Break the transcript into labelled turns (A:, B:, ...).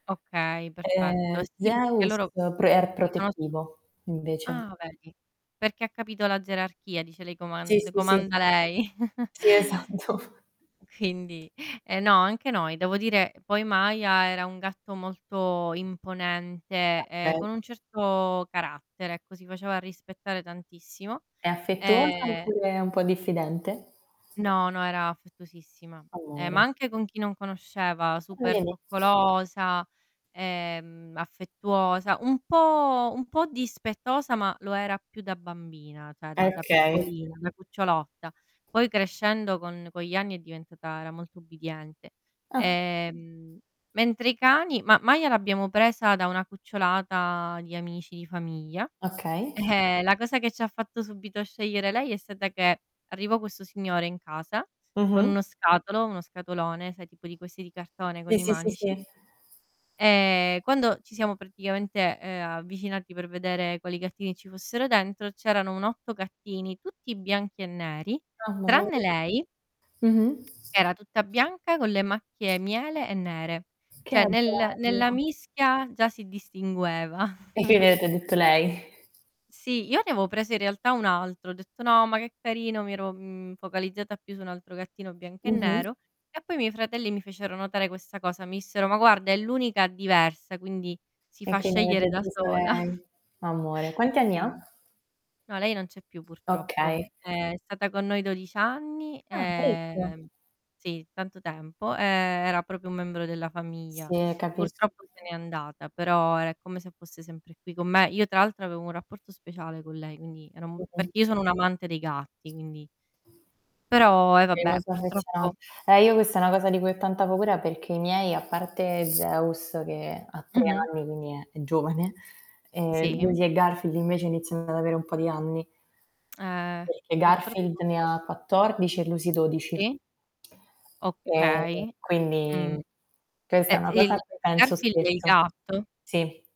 A: Okay, perfetto.
B: Eh,
A: Sì, perché
B: Zeus
A: loro
B: pre è
A: riconosco
B: protettivo, invece.
A: Ah, vedi, perché ha capito la gerarchia dice: "lei
B: Sì,
A: coman le
B: sì, sì.
A: comanda lei."
B: Sì, esatto.
A: Quindi eh no, anche noi, devo dire, poi Maya era un gatto molto imponente e con
B: [unintelligible]
A: un certo carattere, ecco, si faceva rispettare tantissimo
B: È affettuosa
A: e
B: oppure è un po' diffidente?
A: No, no, era affettuosissima, ehm, ma
B: Amore.
A: anche con chi non conosceva,
B: Eh
A: super
B: vedi?
A: coccolosa, ehm, affettuosa, un po' un po' dispettosa, ma lo era più da bambina, cioè
B: Eh
A: da da
B: okay.
A: piccolina, da cucciolotta. Poi crescendo con con gli anni è diventata era molto ubbidiente.
B: Ah.
A: Ehm, mentre i cani ma Maya l'abbiamo presa da una cucciolata di amici di famiglia,
B: Okay.
A: e la cosa che ci ha fatto subito scegliere lei è stata che arrivò questo signore in casa con
B: Mh-mh.
A: uno scatolo uno scatolone, sai tipo di questi di cartone
B: Sì,
A: con i
B: sì, sì,
A: manici
B: sì.
A: e quando ci siamo praticamente, ehm, avvicinati per vedere quali gattini ci fossero dentro, c'erano un 8 gattini tutti bianchi e neri, tranne
B: [unintelligible]
A: lei,
B: Mh-mh.
A: era tutta bianca con le macchie miele e nere,
B: Che
A: cioè nel nella
B: bella.
A: mischia già si distingueva.
B: [unintelligible] lei.
A: Sì, io avevo preso in realtà un altro, ho detto: "No, ma che carino", mi ero, mhmm, focalizzata più su un altro gattino bianco e
B: Mh-mh.
A: nero, e poi i miei fratelli mi fecero notare questa cosa. Mi dissero: "Ma guarda è l'unica diversa, quindi si
B: E
A: fa
B: quindi
A: scegliere
B: avete
A: da
B: preso
A: sola".
B: lei. Amore. Quanti anni ha?
A: Sì. No lei non c'è più purtroppo.
B: Okay.
A: È stata con noi 12 anni,
B: Ah, parecchio.
A: e sì tanto tempo, e era proprio un membro della famiglia.
B: Sì, capisco.
A: Purtroppo se n'è andata però è come se fosse sempre qui con me. Io tra l'altro avevo un rapporto speciale con lei, quindi era un
B: Mh-mh.
A: perché io sono un amante dei gatti, quindi però eh vabbè, purtroppo
B: [unintelligible] Eh io questa è una cosa di cui ho tanta paura perché i miei, a parte Zeus che ha 3
A: Mh-mh.
B: anni, quindi è è giovane, ehm,
A: Sì.
B: Lucy e Garfield invece iniziano ad avere un po' di anni.
A: Eh,
B: Perché Garfield
A: purtroppo
B: ne ha 14 e Lucy 12.
A: Sì.
B: E
A: Okay.
B: quindi
A: Mh.
B: questa è una cosa a
A: [unintelligible]
B: cui penso
A: Garfield è il
B: spesso.
A: gatto?
B: Sì.